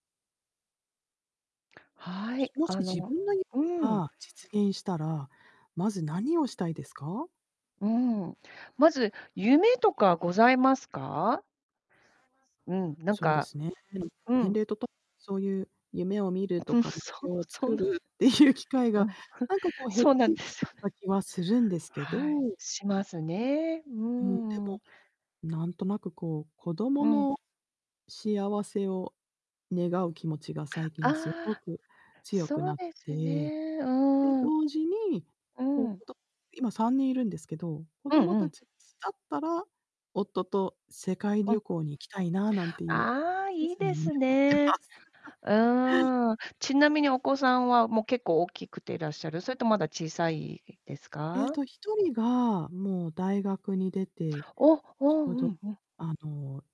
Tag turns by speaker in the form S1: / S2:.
S1: はい、
S2: もし、
S1: あ
S2: 自
S1: の、
S2: 分の夢
S1: うん。
S2: が実現したら、まず何をしたいですか？
S1: うん。まず、夢とかございますか？うん、なん
S2: そうで
S1: か
S2: すね、うん。
S1: う
S2: 年
S1: ん。
S2: 齢とともにそういう夢を見ると
S1: ぶ
S2: か目
S1: そ
S2: 標を
S1: そん
S2: 作
S1: な。
S2: るっていう機会
S1: うん。
S2: が、
S1: ふ、
S2: なんかこう減っ
S1: そうなん
S2: て
S1: で
S2: きち
S1: す
S2: ゃ
S1: よね。
S2: った気はするんですけど。
S1: はい、しますね、う
S2: うーん、で
S1: ん。
S2: も、なんとなくこう、子ども
S1: うん。
S2: の幸せを願う気持ちが最近すご
S1: ああ、
S2: く強く
S1: そ
S2: な
S1: う
S2: っ
S1: です
S2: て。
S1: ね、
S2: で、
S1: うん。
S2: 同時に、
S1: う
S2: 子
S1: ん。
S2: 供今3人いるんですけど、子
S1: うん
S2: 供
S1: うん。
S2: 達が巣立ったら、夫と世界
S1: うん。
S2: 旅行に行きたいな、なんていう、
S1: ああ、
S2: 小
S1: いい
S2: さな
S1: で
S2: 夢を
S1: す
S2: 持ってま
S1: ね。
S2: す。
S1: うん。ちなみにお子さんは、もう、結構大きくていらっしゃる？それともまだ小さいです
S2: ええ
S1: か？
S2: と、1人が、もう大学に出て、
S1: お、
S2: ち
S1: お、う
S2: ょうど
S1: んうん。
S2: あの。